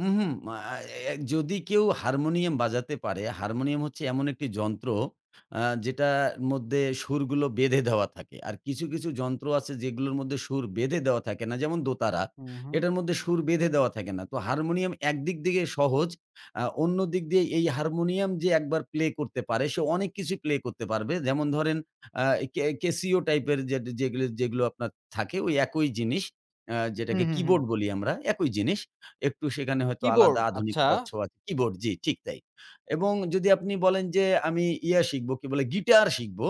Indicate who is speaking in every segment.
Speaker 1: হুম, হুম। আ এ যদি কেউ হারমোনিয়াম বাজাতে পারে, হারমোনিয়াম হচ্ছে এমন একটি যন্ত্র আ যেটা মধ্যে সুরগুলো বেঁধে দেওয়া থাকে। আর কিছু, কিছু যন্ত্র আছে যেগুলোর মধ্যে সুর বেঁধে দেওয়া থাকে না, যেমন দোতারা।
Speaker 2: হুম, হুম।
Speaker 1: এটার মধ্যে সুর বেঁধে দেওয়া থাকে না। তো হারমোনিয়াম একদিক দিয়ে সহজ, আ অন্যদিক দিয়ে এই হারমোনিয়াম যে ১ বার প্লে করতে পারে, সে অনেক কিছুই প্লে করতে পারবে। যেমন ধরেন আ কে কেসিও টাইপের যেট যেগ যেগুলো আপনার থাকে, ওই একই জিনিস আ
Speaker 2: হুম,
Speaker 1: যেটাকে
Speaker 2: হুম, হুম।
Speaker 1: কিবোর্ড বলি আমরা, একই জিনিস। একটু সেখানে হয়তো
Speaker 2: কিবোর্ড,
Speaker 1: আলাদা
Speaker 2: আচ্ছা।
Speaker 1: আধুনিকতার ছোঁয়া কিবোর্ড জ্বি, ঠিক তাই। এবং যদি আপনি বলেন যে, "আমি ইয়ে শিখবো" কি বলে? "গিটার শিখব।"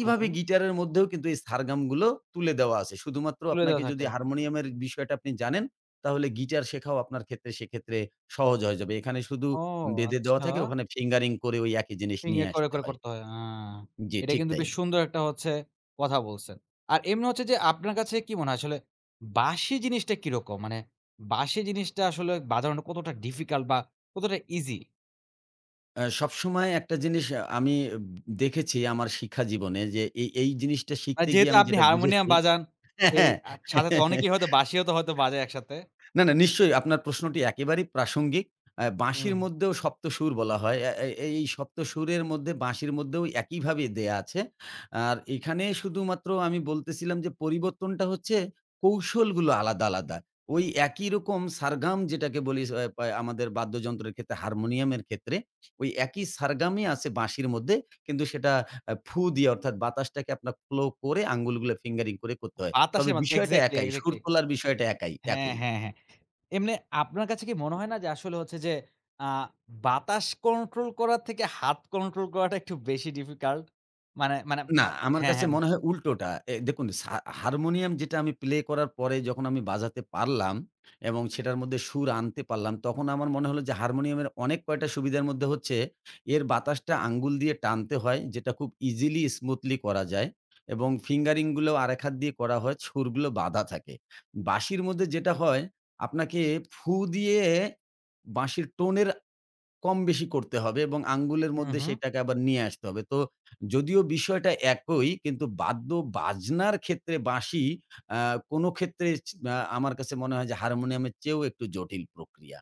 Speaker 2: হু, হু।
Speaker 1: গিটারের মধ্যেও কিন্তু এই সারগামগুলো তুলে দেওয়া আছে। শুধুমাত্র
Speaker 2: তুলে
Speaker 1: আপনাকে
Speaker 2: দেওয়া থাকে।
Speaker 1: যদি হারমোনিয়ামের বিষয়টা আপনি জানেন, তাহলে গিটার শেখাও আপনার ক্ষেত্রে সেক্ষেত্রে সহজ হয়ে যাবে। এখানে শুধু
Speaker 2: ও!
Speaker 1: বেঁধে দেওয়া
Speaker 2: আচ্ছা।
Speaker 1: থাকে, ওখানে ফিঙ্গারিং করে একই জিনিস
Speaker 2: ইয়ে
Speaker 1: নিয়ে
Speaker 2: করে,
Speaker 1: আসতে
Speaker 2: করে
Speaker 1: হয়।
Speaker 2: করতে হয়, হ্যা।
Speaker 1: জ্বি,
Speaker 2: এটা
Speaker 1: ঠিক
Speaker 2: কিন্তু
Speaker 1: তাই।
Speaker 2: বেশ সুন্দর একটা হচ্ছে কথা বলছেন। আর এমনি হচ্ছে যে, আপনার কাছে কি মনে হয় আসলে, বাঁশি জিনিসটা কিরকম? মানে বাঁশি জিনিসটা আসলে বাজানো কতটা ডিফিকাল্ট বা কতটা ইজি?
Speaker 1: আ সবসময় একটা জিনিস আমি উব দেখেছি আমার শিক্ষা জীবনে যে এই, এই জিনিসটা
Speaker 2: আর
Speaker 1: শিখতে গিয়ে
Speaker 2: যেহেতু
Speaker 1: আমি
Speaker 2: আপনি
Speaker 1: যেটা
Speaker 2: হারমোনিয়াম
Speaker 1: বুঝেছি
Speaker 2: বাজান,
Speaker 1: হ্যা,
Speaker 2: সেই
Speaker 1: হ্যা
Speaker 2: আ সাথে অনেকেই হয়তো বাঁশিও তো হয়তো বাজায় একসাথে।
Speaker 1: না, না নিশ্চয়ই, আপনার প্রশ্নটি একেবারেই প্রাসঙ্গিক। আ বাঁশির
Speaker 2: হুম।
Speaker 1: মধ্যেও সপ্ত সুর বলা হয়। আ এ এই সপ্ত সুরের মধ্যে, বাঁশির মধ্যেও একইভাবে দেয়া আছে। আর এখানে শুধুমাত্র আমি বলতেছিলাম যে পরিবর্তনটা হচ্ছে, কৌশলগুলো আলাদা, আলাদা। ওই একই রকম সারগাম যেটাকে বলি স অয় পা আমাদের বাদ্যযন্ত্রের ক্ষেত্রে, হারমোনিয়ামের ক্ষেত্রে, ঐ একই সারগামই আছে বাঁশির মধ্যে। কিন্তু সেটা এ ফু দিয়ে অর্থাৎ বাতাসটাকে আপনার ফ্লো করে, আঙ্গুলগুলো ফিঙ্গারিং করে করতে হয়।
Speaker 2: বাতাসের
Speaker 1: তবে
Speaker 2: মাদ্ধ
Speaker 1: বিষয়টা
Speaker 2: এক্সাক্টলি,
Speaker 1: একাই, সুর
Speaker 2: এক্সাক্টলি।
Speaker 1: তোলার বিষয়টা একাই,
Speaker 2: হ্যা,
Speaker 1: একই।
Speaker 2: হ্যা, হ্যা। এমনে আপনার কাছে কি মনে হয় না? যে, আসলে হচ্ছে যে আ বাতাস কন্ট্রোল করার থেকে, হাত কন্ট্রোল করাটা একটু বেশি ডিফিকাল্ট? মানে, মানে,
Speaker 1: না,
Speaker 2: মা
Speaker 1: আমার
Speaker 2: হ্যা,
Speaker 1: কাছে
Speaker 2: হ্যা।
Speaker 1: মনে হয় উল্টোটা। এ দেখুন সা হারমোনিয়াম যেটা আমি প্লে করার পরে, যখন আমি বাজাতে পারলাম এবং সেটার মধ্যে সুর আনতে পারলাম, তখন আমার মনে হলো যে, হারমোনিয়ামের অনেক কয়েকটা সুবিধার মধ্যে হচ্ছে, এর বাতাসটা আঙ্গুল দিয়ে টানতে হয় যেটা খুব ইজিলি, স্মুথলি করা যায়। এবং ফিঙ্গারিং গুলো আরেক হাত দিয়ে করা হয়, সুরগুলো বাঁধা থাকে। বাঁশির মধ্যে যেটা হয়, আপনাকে ফু দিয়ে বাঁশির টোনের কমবেশি করতে হবে এবং আঙ্গুলের
Speaker 2: হুম,
Speaker 1: মধ্যে
Speaker 2: হুম।
Speaker 1: সেটাকে আবার নিয়ে আসতে হবে। তো যদিও বিষয়টা একই, কিন্তু বাদ্য-বাজনার ক্ষেত্রে বাঁশি, আ কোনো ক্ষেত্রে ইছ আমার কাছে মনে হয় যে, হারমোনিয়ামের চেয়েও একটু জটিল প্রক্রিয়া।